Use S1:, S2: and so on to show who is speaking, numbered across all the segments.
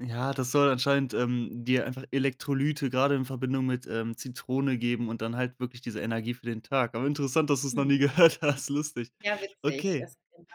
S1: Ja, das soll anscheinend, ähm, dir einfach Elektrolyte gerade in Verbindung mit, ähm, Zitrone geben und dann halt wirklich diese Energie für den Tag. Aber interessant, dass du es noch
S2: Hm.
S1: nie gehört hast, lustig.
S2: Ja, witzig.
S1: Okay.
S2: Das. [unintelligible]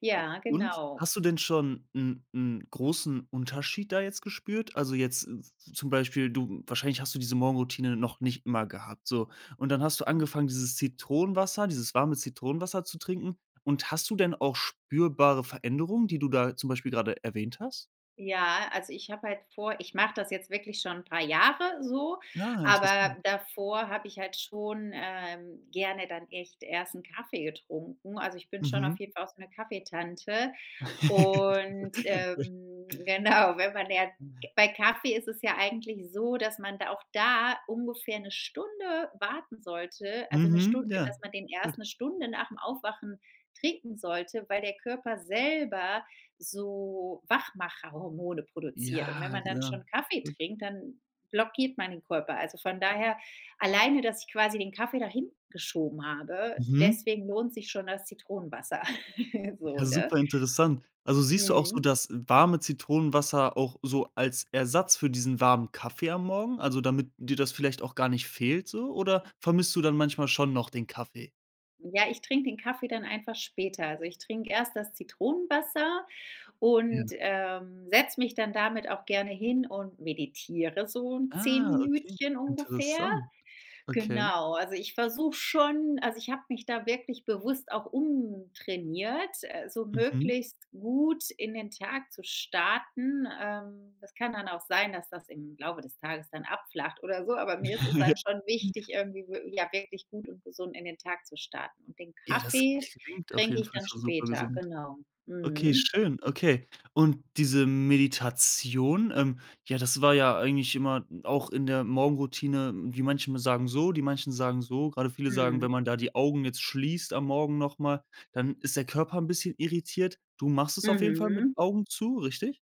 S2: Ja
S1: O und
S2: genau.
S1: hast du denn schon 'n 'n großen Unterschied da jetzt gespürt? Also, jetzt z z zum Beispiel du wahrscheinlich hast du diese Morgenroutine noch nicht immer gehabt, so und dann hast du
S2: Hm.
S1: angefangen, dieses Zitronenwasser, dieses warme Zitronenwasser zu trinken und hast du denn auch spürbare Veränderungen, die du da zum Beispiel gerade erwähnt hast?
S2: Ja, also, ich habe halt vor ich mache das jetzt wirklich schon 'n paar Jahre so,
S1: Ja,
S2: aber
S1: interessant.
S2: davor habe ich halt schon, ähm, gerne dann echt erst 'n Kaffee getrunken. Also, ich bin schon
S1: Mhm.
S2: auf jeden Fall auch so 'ne Kaffeetante und,
S1: [unintelligible]
S2: ähm genau, wenn man lernt
S1: [unintelligible]
S2: bei Kaffee ist es ja eigentlich so, dass man da auch da ungefähr 'ne Stunde warten sollte, also, 'ne
S1: Mhm,
S2: Stund
S1: ja,
S2: dass man den
S1: gut.
S2: erst 'ne Stunde nach'm Aufwachen trinken sollte, weil der Körper selber so Wachmacherhormone produziert und wenn
S1: Ja,
S2: man dann
S1: genau,
S2: schon Kaffee
S1: gut.
S2: trinkt, dann blockiert man den Körper. Also, von daher, alleine, dass ich quasi den Kaffee da hingeschoben habe,
S1: Mhm.
S2: deswegen lohnt sich schon das Zitronenwasser. So,
S1: Ja,
S2: ne?
S1: super interessant. Also, siehst du auch so
S2: Mhm.
S1: das warme Zitronenwasser auch so als Ersatz für diesen warmen Kaffee am Morgen? Also, damit dir das vielleicht auch gar nicht fehlt so oder vermisst du dann manchmal schon noch den Kaffee?
S2: Ja, ich trink den Kaffee dann einfach später. Also, ich trinke erst das Zitronenwasser
S1: Ja.
S2: und, ähm, setz mich dann damit auch gerne hin und meditiere so 10
S1: Ah, okay,
S2: Minütchen ungefähr.
S1: interessant. Okay.
S2: Genau, also, ich versuche schon also, ich habe mich da wirklich bewusst auch umtrainiert, äh, so
S1: Mhm.
S2: möglichst gut in den Tag zu starten. Ähm, das kann dann auch sein, dass das im Laufe des Tages dann abflacht oder so, aber mir ist es dann schon wichtig irgendwie wie, ja, wirklich gut und gesund in den Tag zu starten und den
S1: Ja, das
S2: Kaffee
S1: klingt auf
S2: trinke
S1: jeden
S2: ich
S1: Fall
S2: dann
S1: für super
S2: später.
S1: gesund.
S2: Genau,
S1: Okay,
S2: mhm.
S1: schön. Okay, und diese Meditation, ähm ja, das war ja eigentlich immer n auch in der Morgenroutine, wie manche mal sagen so, die manchen sagen so, gerade viele sagen,
S2: Mhm.
S1: wenn man da die Augen jetzt schließt am Morgen noch mal, dann ist der Körper 'n bisschen irritiert. Du machst es auf jeden Fall mit
S2: Mhm.
S1: Augen zu, richtig?